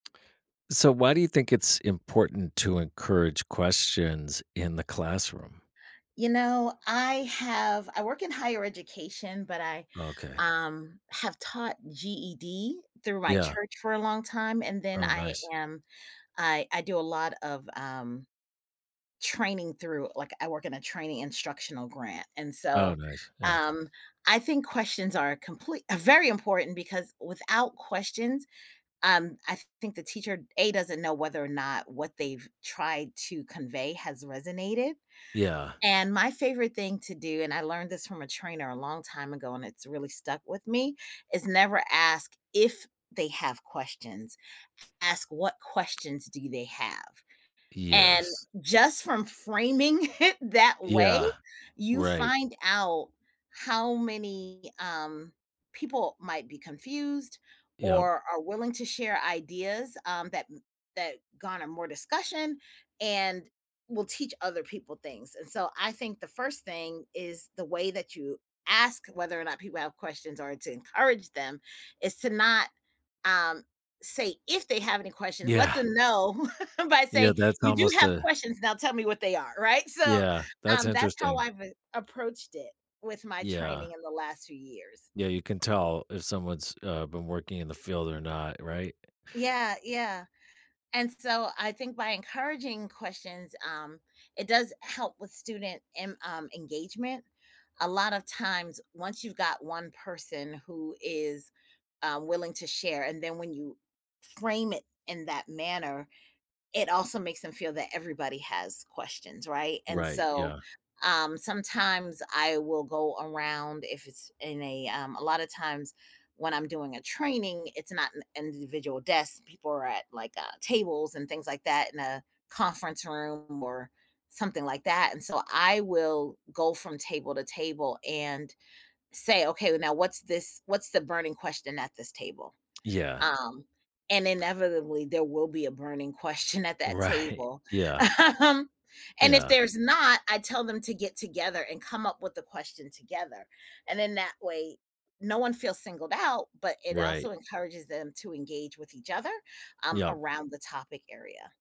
So why do you think it's important to encourage questions in the classroom? You know, I have I work in higher education, but I, Okay. um, have taught GED through my Yeah. church for a long time and then Oh, I nice. am I I do a lot of, um, training through like, I work in a training instructional grant, and Oh, so, nice. Yeah. um, I think questions are comple very important because without questions, um, I think the teacher, A, doesn't know whether or not what they've tried to convey has resonated, Yeah. and my favorite thing to do, and I learned this from a trainer a long time ago and it's really stuck with me, is never ask if they have questions, ask what questions do they have, and Yes. just from framing it that way, Yeah. you Right. find out how many, um, people might be confused Yep. or are willing to share ideas, um, that that garner more discussion and will teach other people things, and, so, I think the 1st thing is the way that you ask whether or not people have questions or to encourage them is to not, um, say if they have any questions, let Yeah. them know by Yeah, saying, that's "You do almost have a questions, now tell me what they are." Right? So, Yeah, that's um, that's how interesting. I've been approached it with my Yeah. training in the last few years. Yeah, you can tell if someone's, uh, been working in the field or not, right? Yeah, yeah, and, so, I think by encouraging questions, um, it does help with student em um, engagement. A lot of times, once you've got 1 person who is, uh, willing to share, and then when you frame it in that manner, it also makes them feel that everybody has questions, right, and, Right, so, yeah. um, sometimes I will go around if it's in a, um a lot of times when I'm doing a training, it's not n individual desk. People are at, like, uh, tables and things like that in a conference room or something like that, and so I will go from table to table and say, "Okay, now, what's this what's the burning question at this table?" Yeah. Um, and inevitably, there will be a burning question at that Right. table. Yeah. Um, and if Yeah. there's not, I tell them to get together and come up with the question together, and then, that way, no one feels singled out, but it Right. also encourages them to engage with each other, um, Yep. around the topic area.